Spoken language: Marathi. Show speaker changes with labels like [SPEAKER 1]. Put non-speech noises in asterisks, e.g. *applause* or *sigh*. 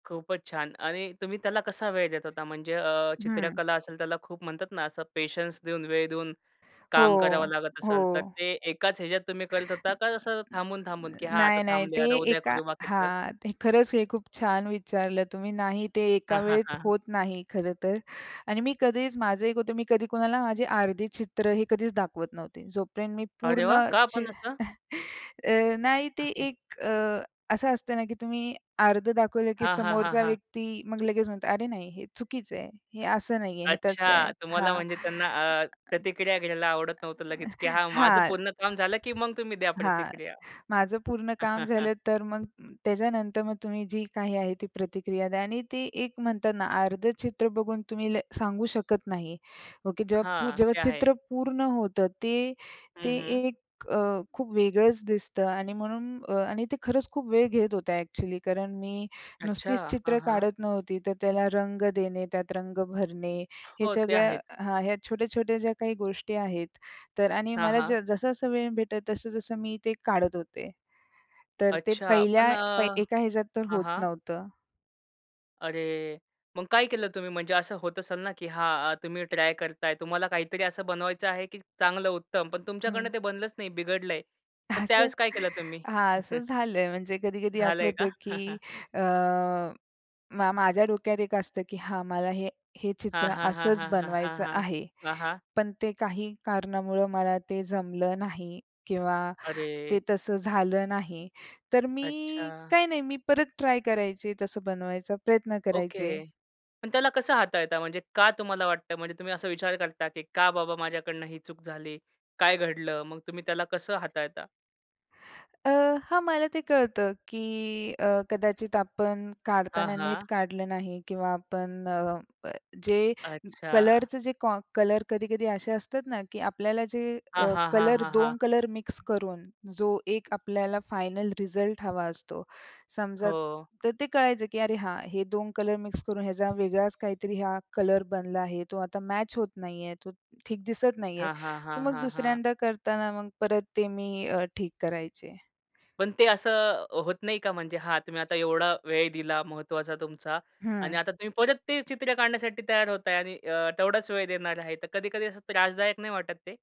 [SPEAKER 1] खूपच छान. आणि तुम्ही त्याला कसा वेळ देत होता? म्हणजे अ,
[SPEAKER 2] हं.
[SPEAKER 1] चित्रकला असेल त्याला खूप म्हणतात ना, असं पेशन्स देऊन, वेळ देऊन
[SPEAKER 2] हो.
[SPEAKER 1] काम करावं लागत
[SPEAKER 2] हो.
[SPEAKER 1] असेल. तर ते एकाच ह्याच्यात तुम्ही करत होता का, असं थांबून-थांबून, की "हां, आता
[SPEAKER 2] नाही-नाही. ते
[SPEAKER 1] थांबूया. आता उद्या
[SPEAKER 2] एका
[SPEAKER 1] करू बाकीचं?"
[SPEAKER 2] हां. ते खरंच हे खूप छान विचारलं तुम्ही. नाही ते
[SPEAKER 1] हां,
[SPEAKER 2] एका
[SPEAKER 1] हां,
[SPEAKER 2] वेळेत
[SPEAKER 1] हां.
[SPEAKER 2] होत नाही खरं तर आणि मी कधीच माझं एक होतं. मी कधी कोणाला माझी अर्धे चित्र हे कधीच दाखवत नव्हते. जोपर्यंत मी
[SPEAKER 1] अरे वाह!
[SPEAKER 2] पूर्ण
[SPEAKER 1] का
[SPEAKER 2] चि
[SPEAKER 1] पण असं?
[SPEAKER 2] अ, नाही ते
[SPEAKER 1] *unintelligible*
[SPEAKER 2] एक अ, असं असतं ना की तुम्ही अर्ध दाखवलं की
[SPEAKER 1] हां, हां, हां,
[SPEAKER 2] समोरचा
[SPEAKER 1] हां.
[SPEAKER 2] व्यक्ती मग लगेच म्हणतो अरे, नाही हे चुकीचं आहे. हे असं नाहीये. हे तसं आहे.
[SPEAKER 1] अच्छा. तुम्हाला
[SPEAKER 2] हां.
[SPEAKER 1] म्हणजे त्यांना अ,
[SPEAKER 2] अ,
[SPEAKER 1] प्रतिक्रिया घ्यायला आवडत नव्हतं लगेच, की हां, माझं
[SPEAKER 2] हां
[SPEAKER 1] पूर्ण काम झालं, की मग तुम्ही द्या
[SPEAKER 2] हां
[SPEAKER 1] प्रतिक्रिया?
[SPEAKER 2] माझं पूर्ण काम
[SPEAKER 1] *chuckles*
[SPEAKER 2] झालं तर मग त्याच्यानंतर मग तुम्ही जी काही आहे ती प्रतिक्रिया द्या आणि ते एक म्हणतात ना अर्धं चित्र बघून तुम्ही ल सांगू शकत नाही ओके. जेव्हा पू
[SPEAKER 1] हां.
[SPEAKER 2] जेव्हा
[SPEAKER 1] ते आहे.
[SPEAKER 2] चित्र पूर्ण होतं, ते, ते
[SPEAKER 1] हं, हं.
[SPEAKER 2] एक अ, खूप वेगळंच दिसतं आणि म्हणून अ, आणि ते खरंच खूप वेळ घेत होतं ॲक्चुअली कारण मी
[SPEAKER 1] अच्छा.
[SPEAKER 2] नुसतीच
[SPEAKER 1] हां,
[SPEAKER 2] चित्र
[SPEAKER 1] हां.
[SPEAKER 2] काढत नव्हती, तर त्याला रंग देणे, त्यात रंग भरणे. हे
[SPEAKER 1] हो. ते
[SPEAKER 2] सगळं
[SPEAKER 1] आहेच.
[SPEAKER 2] हां. ह्या छोट्या-छोट्या ज्या काही गोष्टी आहेत तर आणि
[SPEAKER 1] हां,
[SPEAKER 2] मला
[SPEAKER 1] हां.
[SPEAKER 2] ज जसं-जसं वेळ भेटेल, तसं-तसं मी ते काढत होते. तर ते
[SPEAKER 1] अच्छा. पण
[SPEAKER 2] पहिल्या
[SPEAKER 1] अ,
[SPEAKER 2] एका ह्याच्यात तर
[SPEAKER 1] हां,
[SPEAKER 2] होत
[SPEAKER 1] हां.
[SPEAKER 2] नव्हतं.
[SPEAKER 1] अरे, मग काय केलं तुम्ही? म्हणजे असं होत असेल ना, की हां, अ, तुम्ही ट्राय करताय. तुम्हाला काहीतरी असं बनवायचं आहे की चांगलं उत्तम. पण
[SPEAKER 2] हं.
[SPEAKER 1] तुमच्याकडून ते बनलंच नाही, बिघडलंय. तर
[SPEAKER 2] असं
[SPEAKER 1] त्यावेळेस काय केलं तुम्ही?
[SPEAKER 2] हां असं
[SPEAKER 1] *chuckles*
[SPEAKER 2] झालंय. म्हणजे कधी-कधी असं
[SPEAKER 1] झालंय का?
[SPEAKER 2] होतं की
[SPEAKER 1] *chuckles*
[SPEAKER 2] अ, मा माझ्या डोक्यात एक असतं की हां, मला हे, हे
[SPEAKER 1] हां,
[SPEAKER 2] चित्र
[SPEAKER 1] हां, हां,
[SPEAKER 2] असंच
[SPEAKER 1] हां, हां, हां,
[SPEAKER 2] बनवायचं
[SPEAKER 1] हां.
[SPEAKER 2] आहे.
[SPEAKER 1] हां, हां.
[SPEAKER 2] पण ते काही कारणामुळं मला ते जमलं नाही किंवा
[SPEAKER 1] अरे!
[SPEAKER 2] ते तसं झालं नाही, तर मी
[SPEAKER 1] अच्छा.
[SPEAKER 2] काही नाही मी परत ट्राय करायचे. तसं बनवायचा प्रयत्न करायचे.
[SPEAKER 1] ओके. पण त्याला कसं हाताळता? म्हणजे का तुम्हाला वाटतं? म्हणजे तुम्ही असा विचार करता की का बाबा माझ्याकडनं ही चूक झाली? काय घडलं? मग तुम्ही त्याला कसं हाताळता?
[SPEAKER 2] अ, हां. मला ते कळतं की अ, कदाचित आपण
[SPEAKER 1] हां,
[SPEAKER 2] काढताना नीट
[SPEAKER 1] हां.
[SPEAKER 2] काढलं नाही, किंवा आपण अ, जे
[SPEAKER 1] अच्छा.
[SPEAKER 2] कलरच जे कॉ कलर कधी-कधी असे असतात ना, की आपल्याला जे
[SPEAKER 1] हां,
[SPEAKER 2] अ,
[SPEAKER 1] हां, हां,
[SPEAKER 2] कलर,
[SPEAKER 1] हां, हां.
[SPEAKER 2] 2 कलर मिक्स करून जो एक आपल्याला फायनल रिझल्ट हवा असतो. समजा
[SPEAKER 1] हो.
[SPEAKER 2] तर ते कळायचं की अरे, हां, हे 2 कलर मिक्स करून ह्याचा वेगळाच काहीतरी हा कलर बनला आहे. तो आता मॅच होत नाही आहे. तो ठीक दिसत नाही आहे.
[SPEAKER 1] हां, हां,
[SPEAKER 2] तर
[SPEAKER 1] हां,
[SPEAKER 2] मग
[SPEAKER 1] हां, हां.
[SPEAKER 2] दुसऱ्यांदा करताना मग परत ते अ, मी ठीक करायचे.
[SPEAKER 1] पण ते असं होत नाही का म्हणजे हां तुम्ही आता एवढा वेळ दिला महत्वाचा तुमचा
[SPEAKER 2] हं.
[SPEAKER 1] आणि आता तुम्ही परत ते चित्र काढण्यासाठी तयार होताय आणि अ, तेवढाच वेळ देणार आहे. तर कधी-कधी असं त्रासदायक नाही वाटत ते?